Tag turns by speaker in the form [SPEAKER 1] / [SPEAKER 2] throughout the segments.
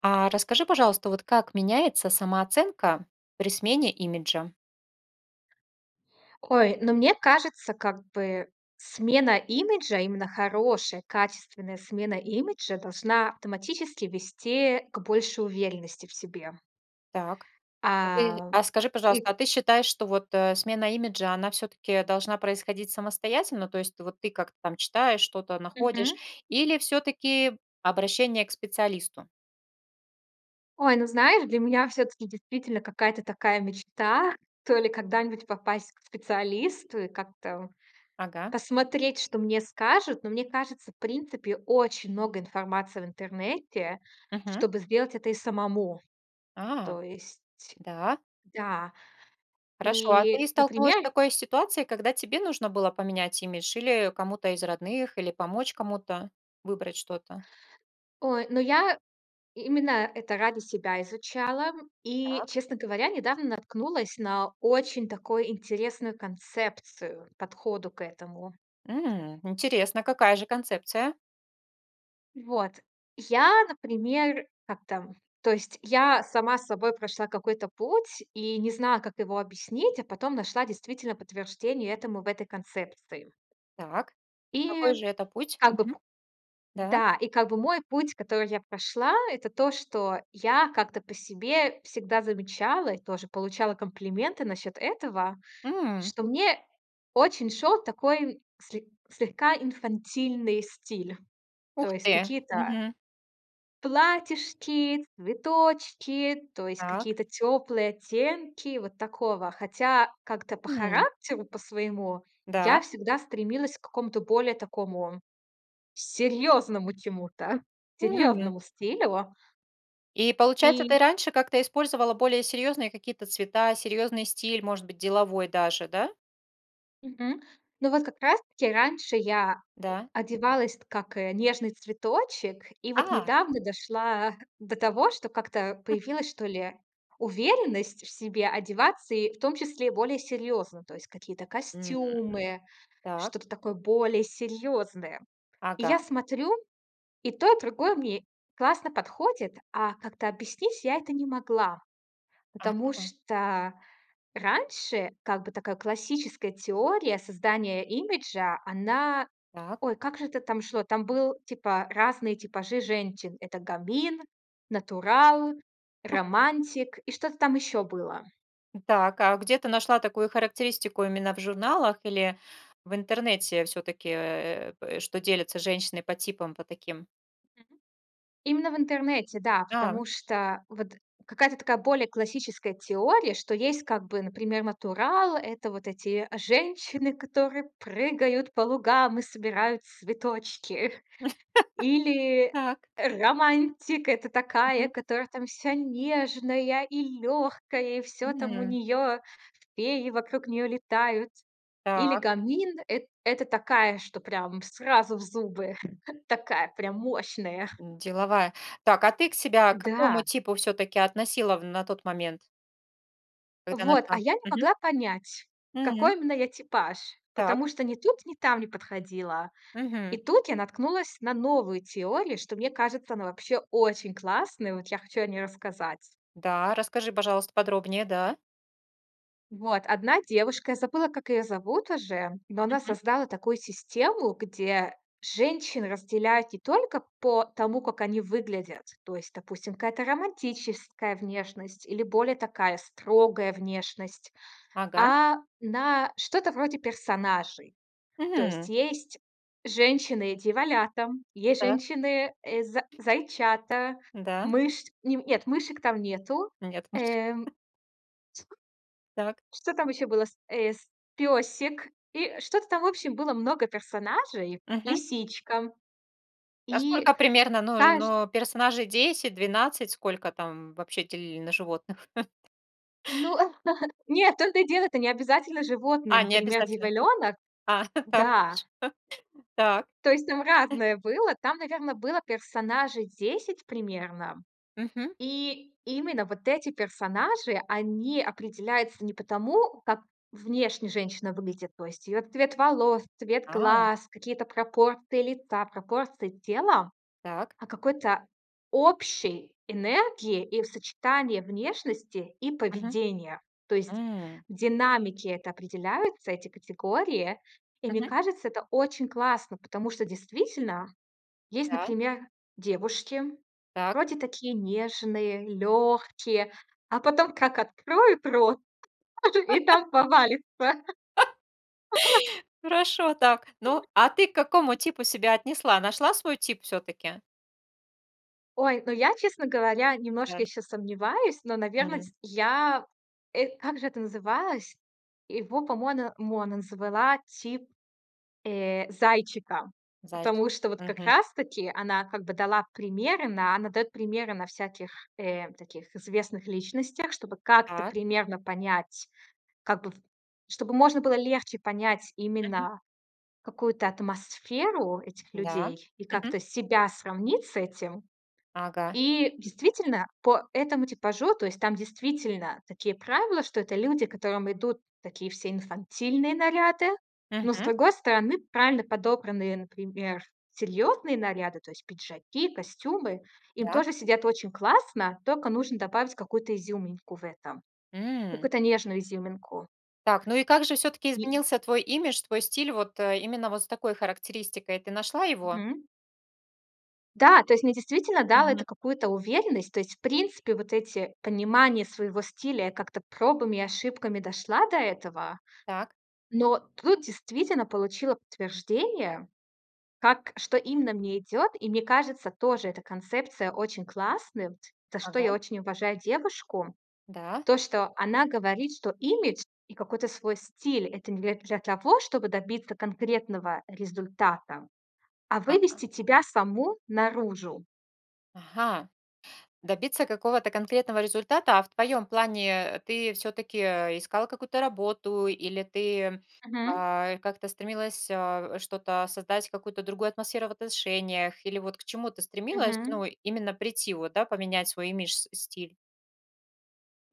[SPEAKER 1] А расскажи, пожалуйста, вот, как меняется самооценка при смене имиджа?
[SPEAKER 2] Ой, ну, мне кажется, как бы смена имиджа, именно хорошая, качественная смена имиджа, должна автоматически вести к большей уверенности в себе.
[SPEAKER 1] Так. А ты
[SPEAKER 2] А,
[SPEAKER 1] а скажи,
[SPEAKER 2] и
[SPEAKER 1] пожалуйста, а
[SPEAKER 2] к
[SPEAKER 1] ты считаешь, что вот, э, смена имиджа, она всё-таки должна происходить самостоятельно? То есть вот ты как-то там читаешь, что-то находишь.
[SPEAKER 2] Мгм.
[SPEAKER 1] Или всё-таки обращение к специалисту?
[SPEAKER 2] Ой, ну, знаешь, для меня всё-таки действительно какая-то такая мечта, то ли когда-нибудь попасть к специалисту и как-то, о,
[SPEAKER 1] Ага.
[SPEAKER 2] посмотреть, что мне скажут. Но мне кажется, в принципе, очень много информации в интернете,
[SPEAKER 1] Мгм.
[SPEAKER 2] чтобы сделать это и самому.
[SPEAKER 1] А,
[SPEAKER 2] То есть
[SPEAKER 1] да.
[SPEAKER 2] да,
[SPEAKER 1] Хорошо. А ты
[SPEAKER 2] и,
[SPEAKER 1] столкнулась с
[SPEAKER 2] например
[SPEAKER 1] такой ситуацией, когда тебе нужно было поменять имидж, или кому-то из родных, или помочь кому-то выбрать что-то?
[SPEAKER 2] Ой, но я именно это ради себя изучала. И,
[SPEAKER 1] Так.
[SPEAKER 2] честно говоря, недавно наткнулась на очень такой интересную концепцию, подходу к этому.
[SPEAKER 1] М, интересно, какая же концепция?
[SPEAKER 2] Вот. Я, например, как-то то есть я сама собой прошла какой-то путь и не знала, как его объяснить, а потом нашла действительно подтверждение этому в этой концепции.
[SPEAKER 1] Так.
[SPEAKER 2] И
[SPEAKER 1] Какой же это путь?
[SPEAKER 2] как бы
[SPEAKER 1] Мгм. Да.
[SPEAKER 2] да, и как бы мой путь, который я прошла- это то, что я как-то по себе всегда замечала и тоже получала комплименты насчёт этого,
[SPEAKER 1] М.
[SPEAKER 2] что мне очень шёл такой сле слегка инфантильный стиль,
[SPEAKER 1] Ух
[SPEAKER 2] то есть
[SPEAKER 1] ты!
[SPEAKER 2] какие-то
[SPEAKER 1] Мгм.
[SPEAKER 2] платьишки, цветочки, то есть
[SPEAKER 1] Так.
[SPEAKER 2] какие-то тёплые оттенки вот такого Хотя как-то по
[SPEAKER 1] М.
[SPEAKER 2] характеру по-своему
[SPEAKER 1] Да.
[SPEAKER 2] я всегда стремилась к какому-то более такому серьёзному чему-то,
[SPEAKER 1] М.
[SPEAKER 2] серьёзному стилю.
[SPEAKER 1] И получается,
[SPEAKER 2] И
[SPEAKER 1] ты раньше как-то использовала более серьёзные какие-то цвета, серьёзный стиль, может быть, деловой даже, да?
[SPEAKER 2] Мгм. Ну, вот как раз таки раньше я, э,
[SPEAKER 1] Да.
[SPEAKER 2] одевалась как, э, нежный цветочек, и вот
[SPEAKER 1] А.
[SPEAKER 2] недавно дошла до того, что как-то появилась, что ли, уверенность в себе одеваться, и в том числе более серьёзно. То есть какие-то
[SPEAKER 1] У,
[SPEAKER 2] костюмы,
[SPEAKER 1] так.
[SPEAKER 2] что-то такое более серьёзное. И я
[SPEAKER 1] Ага.
[SPEAKER 2] смотрю, и то, и другое мне классно подходит, а как-то объяснить я это не могла. Потому
[SPEAKER 1] Мгм.
[SPEAKER 2] что раньше, как бы, такая классическая теория создания имиджа, она
[SPEAKER 1] Так.
[SPEAKER 2] ой, как же это там шло, там был, типа, разные типажи женщин: это гамин, натурал,
[SPEAKER 1] У.
[SPEAKER 2] романтик и что-то там ещё было.
[SPEAKER 1] Так, а где ты нашла такую характеристику именно в журналах или в интернете всё-таки, э, п э, что делятся женщины по типам, по таким?
[SPEAKER 2] Мгм. Именно в интернете, да,
[SPEAKER 1] Да.
[SPEAKER 2] потому что вот какая-то такая более классическая теория, что есть как бы, например, натурал- это вот эти женщины, которые прыгают по лугам и собирают цветочки. Или
[SPEAKER 1] Так.
[SPEAKER 2] романтик- это такая,
[SPEAKER 1] Мгм.
[SPEAKER 2] которая там вся нежная и лёгкая, и всё там у
[SPEAKER 1] Мгм.
[SPEAKER 2] неё, феи вокруг неё летают. Или
[SPEAKER 1] Так.
[SPEAKER 2] гамин- эт это такая, что прям сразу в зубы, мощная.
[SPEAKER 1] У, деловая. Так, а ты к себя к какому
[SPEAKER 2] Да.
[SPEAKER 1] типу всё-таки относила в на тот момент? Когда
[SPEAKER 2] Вот,
[SPEAKER 1] нашла,
[SPEAKER 2] а я не
[SPEAKER 1] мгм.
[SPEAKER 2] могла понять,
[SPEAKER 1] Мгм.
[SPEAKER 2] какой именно я типаж,
[SPEAKER 1] Так.
[SPEAKER 2] потому что ни тут, ни там не подходила. И
[SPEAKER 1] Мгм.
[SPEAKER 2] тут я наткнулась на новую теорию, что, мне кажется, она вообще очень классная. Вот я хочу о ней рассказать.
[SPEAKER 1] Да, расскажи, пожалуйста, подробнее, да?
[SPEAKER 2] Вот одна девушка, я забыла, как её зовут уже, но она
[SPEAKER 1] Мгм.
[SPEAKER 2] создала такую систему, где женщин разделяют не только по тому, как они выглядят. То есть, допустим, какая-то романтическая внешность или более такая строгая внешность,
[SPEAKER 1] Ага.
[SPEAKER 2] а на что-то вроде персонажей. То есть
[SPEAKER 1] Мгм.
[SPEAKER 2] есть женщины-дьяволята там, есть
[SPEAKER 1] Так.
[SPEAKER 2] женщины, э, за зайчата,
[SPEAKER 1] Н-да?
[SPEAKER 2] мышь, ним нет, мышек там нету.
[SPEAKER 1] Нет мышек.
[SPEAKER 2] Эм.
[SPEAKER 1] Так.
[SPEAKER 2] Что там ещё было, с эс пёсик, и что-то там, в общем, было много персонажей,
[SPEAKER 1] Мгм.
[SPEAKER 2] лисичка.
[SPEAKER 1] Насколько
[SPEAKER 2] И,
[SPEAKER 1] примерно, но
[SPEAKER 2] знаешь
[SPEAKER 1] но, персонажей 10, 12? Сколько там вообще делили на животных?
[SPEAKER 2] Но, а, нохэд нет, в то, это и дело, это не обязательно животные,
[SPEAKER 1] А,
[SPEAKER 2] например,
[SPEAKER 1] необязательно.
[SPEAKER 2] дьяволёнок,
[SPEAKER 1] Так,
[SPEAKER 2] да.
[SPEAKER 1] хорошо. Так.
[SPEAKER 2] То есть там разное было. Там, наверно, было персонажей 10 примерно.
[SPEAKER 1] Мгм.
[SPEAKER 2] И именно вот эти персонажи, они определяются не потому, как внешне женщина выглядит. То есть её цвет волос, цвет
[SPEAKER 1] Ау?
[SPEAKER 2] глаз, какие-то пропорции лица, пропорции тела,
[SPEAKER 1] Так.
[SPEAKER 2] а какой-то общей энергии и в сочетание внешности и
[SPEAKER 1] Мгм,
[SPEAKER 2] поведения. То есть
[SPEAKER 1] м.
[SPEAKER 2] в динамике это определяются, эти категории. И мне
[SPEAKER 1] Мгм.
[SPEAKER 2] кажется, это очень классно, потому что действительно, есть,
[SPEAKER 1] Да.
[SPEAKER 2] например, девушки,
[SPEAKER 1] Так.
[SPEAKER 2] вроде такие нежные, лёгкие, а потом как открой рот, тут же и там повалится.
[SPEAKER 1] Хорошо, так. Ну а ты к какому типу себя отнесла? Нашла свой тип всё-таки?
[SPEAKER 2] Ой, ну, я, честно говоря, немножко
[SPEAKER 1] Да.
[SPEAKER 2] ещё сомневаюсь, но, на
[SPEAKER 1] Мгм.
[SPEAKER 2] верность, я, эт как же это называлось? Его, по мона монэн звэла тип, э, зайчика.
[SPEAKER 1] Зайчик,
[SPEAKER 2] Потому что вот как
[SPEAKER 1] мгм.
[SPEAKER 2] раз-таки она, как бы, дала примеры на она даёт примеры на всяких, э, таких известных личностях. Чтобы как-то
[SPEAKER 1] Так.
[SPEAKER 2] примерно понять, как бы, чтобы можно было легче понять
[SPEAKER 1] Мгм.
[SPEAKER 2] именно какую-то атмосферу этих
[SPEAKER 1] Да,
[SPEAKER 2] людей и
[SPEAKER 1] мгм.
[SPEAKER 2] как-то себя сравнить с этим.
[SPEAKER 1] Ага.
[SPEAKER 2] И действительно, по этому типажу, то есть там действительно такие правила, что это люди, которым идут такие всё инфантильные наряды, но, с
[SPEAKER 1] Мгм.
[SPEAKER 2] другой стороны, правильно подобранные, например, серьёзные наряды, то есть пиджаки, костюмы, им
[SPEAKER 1] Да.
[SPEAKER 2] тоже сидят очень классно. Тока нужно добавить какую-то изюминку в этом,
[SPEAKER 1] М.
[SPEAKER 2] какую-то нежную изюминку.
[SPEAKER 1] Так, ну и как же всё-таки
[SPEAKER 2] И
[SPEAKER 1] изменился твой имидж, твой стиль? Вот, э, именно вот с такой характеристикой, ты нашла его?
[SPEAKER 2] Мгм. Да, то есть мне действительно дало
[SPEAKER 1] Мгм.
[SPEAKER 2] это какую-то уверенность. То есть, в принципе, вот эти понимание своего стиля, я как-то пробами и ошибками дошла до этого.
[SPEAKER 1] Так.
[SPEAKER 2] Но тут действительно получила подтверждение, как что именно мне идёт, и, мне кажется, тоже эта концепция очень классным, за что
[SPEAKER 1] Ага.
[SPEAKER 2] я очень уважаю девушку.
[SPEAKER 1] Да.
[SPEAKER 2] То, что она говорит, что имидж и какой-то свой стиль- это не для для того, чтобы добиться конкретного результата, а
[SPEAKER 1] Ага.
[SPEAKER 2] вывести тебя саму наружу.
[SPEAKER 1] Ага, добиться какого-то конкретного результата. А в твоём плане, э, ты всё-таки, э, искала какую-то работу или ты,
[SPEAKER 2] Мгм.
[SPEAKER 1] а, как-то стремилась, а, что-то создать, какую-то другую атмосферу в отношениях, или вот к чему ты стремилась,
[SPEAKER 2] Мгм.
[SPEAKER 1] ну, именно прийти, вот, да, поменять свой имидж, с стиль?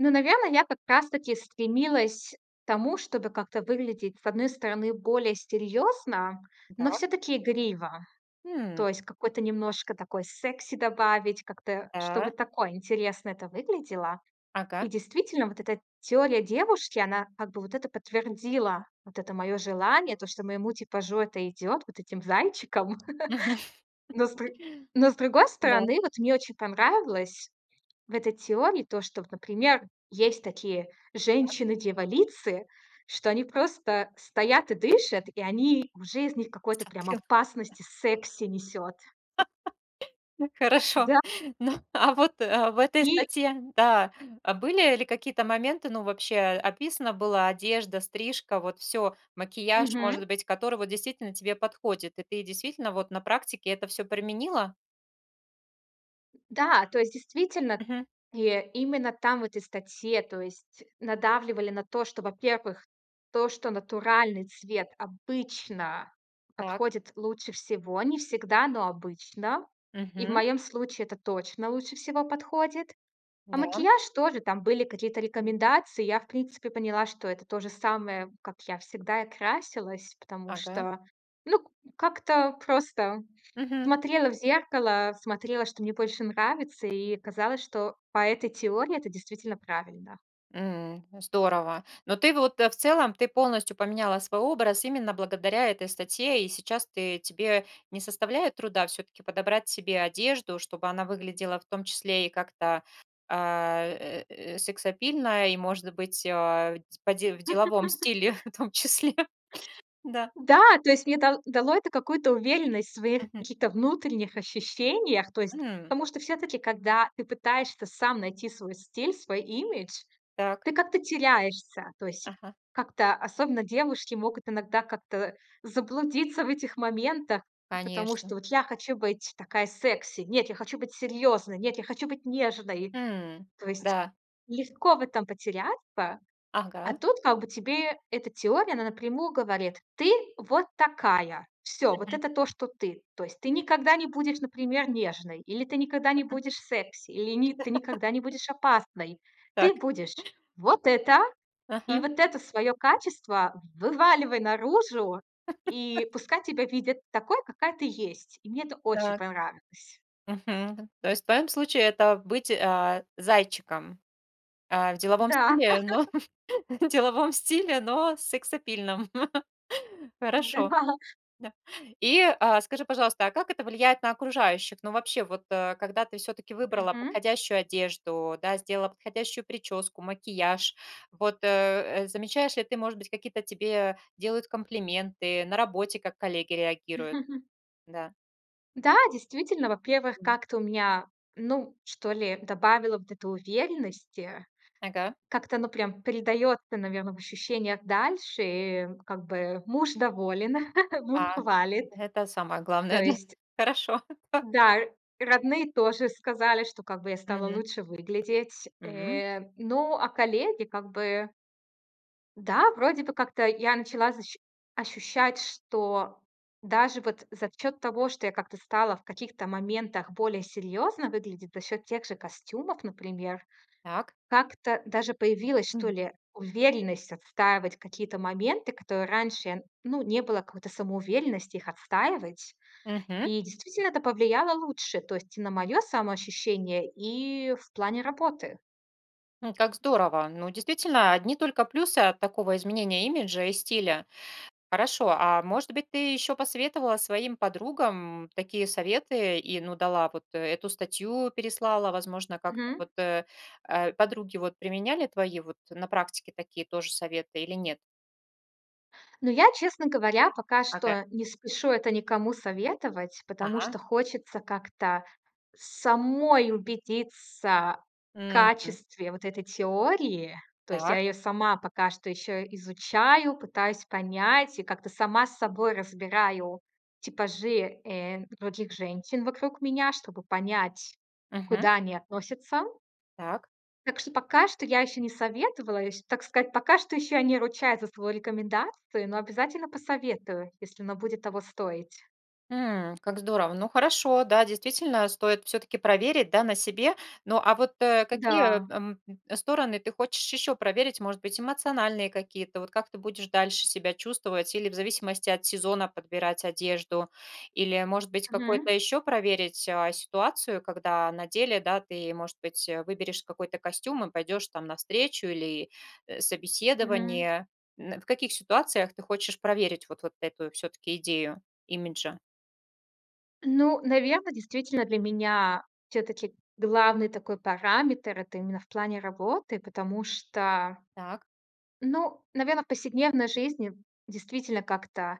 [SPEAKER 2] Ну, наверно, я как раз-таки стремилась к тому, чтобы как-то выглядеть, с одной стороны, более серьёзно, но
[SPEAKER 1] Дак.
[SPEAKER 2] всё-таки игриво.
[SPEAKER 1] Хм.
[SPEAKER 2] То есть какой-то немножко такой секси добавить, как-то, чтобы
[SPEAKER 1] Да.
[SPEAKER 2] такое интересно это выглядело. И
[SPEAKER 1] Ага.
[SPEAKER 2] действительно, вот эта теория девушки, она как бы вот это подтвердила. Вот это моё желание, то, что моему типажу это идёт, вот этим зайчиком. Но с дру но с другой
[SPEAKER 1] Да.
[SPEAKER 2] стороны, вот мне очень понравилось в этой теории то, что, вот, например, есть такие
[SPEAKER 1] Так.
[SPEAKER 2] женщины-дьяволицы, что они просто стоят и дышат, и они уже из них какой-то прям опасность
[SPEAKER 1] [unintelligible]
[SPEAKER 2] и секси несёт.
[SPEAKER 1] Хорошо.
[SPEAKER 2] Да.
[SPEAKER 1] Ну, а вот, а в этой
[SPEAKER 2] И
[SPEAKER 1] статье, да, а были ли какие-то моменты, ну, вообще описана была одежда, стрижка, вот всё, макияж,
[SPEAKER 2] Мгм.
[SPEAKER 1] может быть, который вот действительно тебе подходит, и ты действительно вот на практике это всё применила?
[SPEAKER 2] Да, то есть действительно,
[SPEAKER 1] Мгм.
[SPEAKER 2] э, именно там, в этой статье, то есть надавливали на то, что, во-первых, то, что натуральный цвет обычно
[SPEAKER 1] Так.
[SPEAKER 2] подходит лучше всего. Не всегда, но обычно. И в
[SPEAKER 1] Мгм.
[SPEAKER 2] моём случае это точно лучше всего подходит. А
[SPEAKER 1] Да.
[SPEAKER 2] макияж- тоже там были какие-то рекомендации. Я, в принципе, поняла, что это то же самое, как я всегда и красилась. Потому
[SPEAKER 1] Ага.
[SPEAKER 2] что, ну, к как-то просто
[SPEAKER 1] Мгм.
[SPEAKER 2] смотрела в зеркало, смотрела, что мне больше нравится. И оказалось, что по этой теории это действительно правильно.
[SPEAKER 1] М, здорово. Но ты, в вот, в целом, ты полностью поменяла свой образ именно благодаря этой статье. И сейчас ты тебе не составляет труда всё-таки подобрать себе одежду, чтобы она выглядела в том числе и как-то, а, э, э, сексапильно, и, может быть, а, в по де в деловом стиле в том числе. Да.
[SPEAKER 2] Да, то есть мне это да дало это какую-то уверенность в своих
[SPEAKER 1] Мгм.
[SPEAKER 2] каких-то внутренних ощущениях. То есть,
[SPEAKER 1] М.
[SPEAKER 2] потому что всё-таки, когда ты пытаешься сам найти свой стиль, свой имидж,
[SPEAKER 1] Так.
[SPEAKER 2] ты как-то теряешься. То есть
[SPEAKER 1] Ага.
[SPEAKER 2] как-то, особенно девушки, могут иногда как-то заблудиться в этих моментах, п потому
[SPEAKER 1] Конечно.
[SPEAKER 2] что: "Вот я хочу быть такая секси. Нет, я хочу быть серьёзной. Нет, я хочу быть нежной".
[SPEAKER 1] М,
[SPEAKER 2] То есть
[SPEAKER 1] да.
[SPEAKER 2] легко в этом потеряться. А
[SPEAKER 1] Ага.
[SPEAKER 2] тут как бы тебе эта теория, она напрямую говорит: "Ты вот такая". Всё, вот
[SPEAKER 1] Мгм.
[SPEAKER 2] это то, что ты. То есть ты никогда не будешь, например, нежной, или ты никогда не
[SPEAKER 1] Мгм.
[SPEAKER 2] будешь секси, или ты никогда не будешь опасной.
[SPEAKER 1] Так.
[SPEAKER 2] Ты будешь вот это. И
[SPEAKER 1] Ага.
[SPEAKER 2] вот это своё качество вываливай наружу, и пускай тебя видят такой, какая ты есть. И мне это очень
[SPEAKER 1] Так.
[SPEAKER 2] понравилось.
[SPEAKER 1] Мгм. То есть в твоём случае это быть, а, зайчиком. Э, в деловом
[SPEAKER 2] Да.
[SPEAKER 1] стиле, но в деловом стиле, но сексапильном. Хорошо.
[SPEAKER 2] Да.
[SPEAKER 1] Да. И, а, скажи, пожалуйста, а как это влияет на окружающих? Ну, вообще, вот, э, когда ты всё-таки выбрала
[SPEAKER 2] Мгм.
[SPEAKER 1] подходящую одежду, да, сделала подходящую причёску, макияж, вот, э, замечаешь ли ты, может быть, какие-то тебе делают комплименты, на работе, как коллеги реагируют? Да.
[SPEAKER 2] Да, действительно, во-первых,
[SPEAKER 1] Мгм.
[SPEAKER 2] как-то у меня, ну, что ли, добавило вот это уверенности.
[SPEAKER 1] Ага.
[SPEAKER 2] Как-то оно прям передаётся, наверно, в ощущениях дальше. И как бы муж доволен, муж
[SPEAKER 1] А,
[SPEAKER 2] хвалит.
[SPEAKER 1] это самое
[SPEAKER 2] То
[SPEAKER 1] главное. Да.
[SPEAKER 2] есть
[SPEAKER 1] Хорошо. Так.
[SPEAKER 2] Да, р родные тоже сказали, что как бы я стала
[SPEAKER 1] Мгм.
[SPEAKER 2] лучше выглядеть.
[SPEAKER 1] Мгм.
[SPEAKER 2] Э, ну, а коллеги как бы Да, вроде бы как-то я начала защ ощущать, что даже вот за счёт того, что я как-то стала в каких-то моментах более серьёзно выглядеть, за счёт тех же костюмов, например.
[SPEAKER 1] Так.
[SPEAKER 2] Как-то даже появилась, что
[SPEAKER 1] Мгм.
[SPEAKER 2] ли, уверенность отстаивать какие-то моменты, который раньше, ну, не было какой-то самоуверенности их отстаивать.
[SPEAKER 1] Мгм.
[SPEAKER 2] И действительно, это повлияло лучше, то есть и на моё самоощущение, и в плане работы.
[SPEAKER 1] М, как здорово. Ну, действительно, одни только плюсы от такого изменения имиджа и стиля. Хорошо, а может быть, ты ещё посоветовала своим подругам такие советы и, ну, дала вот эту статью, переслала? Возможно, как-то
[SPEAKER 2] Мгм.
[SPEAKER 1] вот, э, подруги вот применяли твои вот на практике такие тоже советы или нет?
[SPEAKER 2] Ну, я, честно говоря, пока
[SPEAKER 1] Ага.
[SPEAKER 2] что не спешу это никому советовать, потому что
[SPEAKER 1] А.
[SPEAKER 2] хочется как-то самой убедиться в
[SPEAKER 1] Мгм.
[SPEAKER 2] качестве вот этой теории. То есть я
[SPEAKER 1] Так.
[SPEAKER 2] её сама пока что ещё изучаю, пытаюсь понять и как-то сама с собой разбираю типажи, э, других женщин вокруг меня, чтобы понять,
[SPEAKER 1] Мгм.
[SPEAKER 2] куда они относятся.
[SPEAKER 1] Так.
[SPEAKER 2] Так что пока что я ещё не советовала, ещ так сказать, пока что ещё я не ручаюсь за свою рекомендацию, но обязательно посоветую, если оно будет того стоить.
[SPEAKER 1] М, как здорово. Ну, хорошо, да, действительно стоит всё-таки проверить, да, на себе. Ну, а вот, а какие,
[SPEAKER 2] Да.
[SPEAKER 1] м, стороны ты хочешь ещё проверить? Может быть, эмоциональные какие-то? Вот как ты будешь дальше себя чувствовать или в зависимости от сезона подбирать одежду? Или, может быть,
[SPEAKER 2] Мгм.
[SPEAKER 1] какой-то ещё проверить, а, ситуацию, когда на деле, да, ты, может быть, выберешь какой-то костюм и пойдёшь там на встречу или
[SPEAKER 2] Мгм.
[SPEAKER 1] собеседование? М, в каких ситуациях ты хочешь проверить вот вот эту всё-таки идею имиджа?
[SPEAKER 2] Ну, наверно, действительно для меня всё-таки главный такой параметр- это именно в плане работы, потому что
[SPEAKER 1] Так.
[SPEAKER 2] Ну, наверно, в повседневной жизни действительно как-то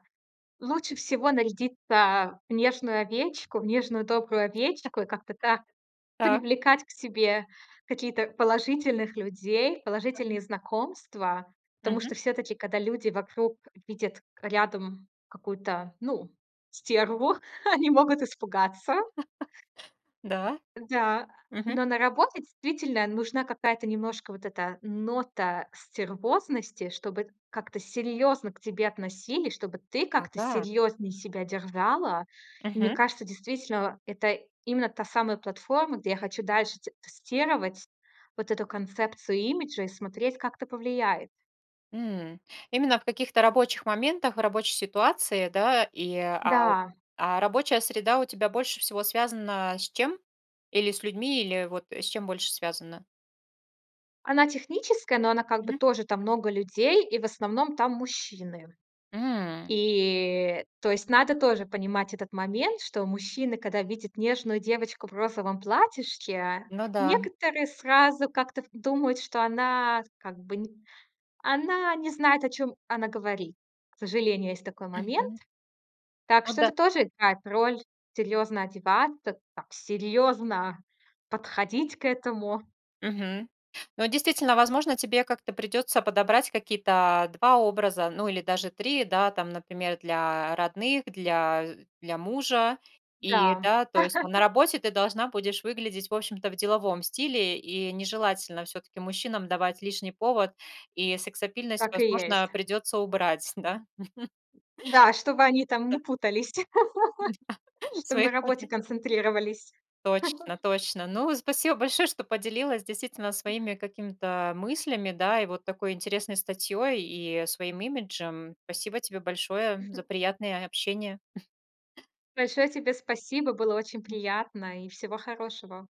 [SPEAKER 2] лучше всего нарядиться в нежную овечку, в нежную добрую овечку и как-то так
[SPEAKER 1] Так.
[SPEAKER 2] привлекать к себе какие-то, положительных людей,
[SPEAKER 1] Мгм.
[SPEAKER 2] положительные знакомства. Потому
[SPEAKER 1] Мгм.
[SPEAKER 2] что всё-таки, когда люди вокруг видят рядом какую-то, ну, стерву, они могут испугаться.
[SPEAKER 1] Да.
[SPEAKER 2] Да,
[SPEAKER 1] Мгм.
[SPEAKER 2] но на работе, действительно, нужна какая-то немножко вот эта нота стервозности, чтобы как-то серьёзно к тебе относились, чтобы ты как-то
[SPEAKER 1] Ага.
[SPEAKER 2] серьёзнее себя держала. И мне
[SPEAKER 1] Мгм.
[SPEAKER 2] кажется, действительно, это именно та самая платформа, где я хочу дальше т тестировать вот эту концепцию имиджа и смотреть, как это повлияет.
[SPEAKER 1] М. Именно в каких-то рабочих моментах, рабочей ситуации, да? И, а
[SPEAKER 2] Да.
[SPEAKER 1] А рабочая среда у тебя больше всего связана с чем? Или с людьми, или, вот, с чем больше связана?
[SPEAKER 2] Она техническая, но она, как бы,
[SPEAKER 1] Мгм.
[SPEAKER 2] тоже там много людей, и в основном там мужчины.
[SPEAKER 1] М.
[SPEAKER 2] И, то есть надо тоже понимать этот момент, что мужчины, когда видят нежную девочку в розовом платьишке,
[SPEAKER 1] Ну да.
[SPEAKER 2] некоторые сразу как-то в думают, что она, как бы, н она не знает, о чём она говорит. К сожалению, есть такой момент.
[SPEAKER 1] Мгм.
[SPEAKER 2] Так
[SPEAKER 1] Ну
[SPEAKER 2] что
[SPEAKER 1] да.
[SPEAKER 2] это тоже играет роль: серьёзно одеваться, так серьёзно подходить к этому.
[SPEAKER 1] Мгм. Ну, действительно, возможно, тебе как-то придётся подобрать какие-то 2 образа, ну, или даже 3, да, там, например, для родных, для для мужа. И
[SPEAKER 2] Да.
[SPEAKER 1] да, то есть там на работе ты должна будешь выглядеть, в общем-то, в деловом стиле, и нежелательно всё-таки мужчинам давать лишний повод, и сексапильность,
[SPEAKER 2] Так и есть.
[SPEAKER 1] возможно, придётся убрать, да.
[SPEAKER 2] Да, чтобы они там не
[SPEAKER 1] Да.
[SPEAKER 2] путались,
[SPEAKER 1] Да,
[SPEAKER 2] чтоб на
[SPEAKER 1] своих
[SPEAKER 2] работе
[SPEAKER 1] поня
[SPEAKER 2] концентрировались.
[SPEAKER 1] Точно точно. Ну, спасибо большое, что поделилась действительно своими какими-то, мыслями, да, и вот такой интересной статьёй, и своим имиджем. Спасибо тебе большое за приятное общение.
[SPEAKER 2] Большое тебе спасибо, было очень приятно и всего хорошего!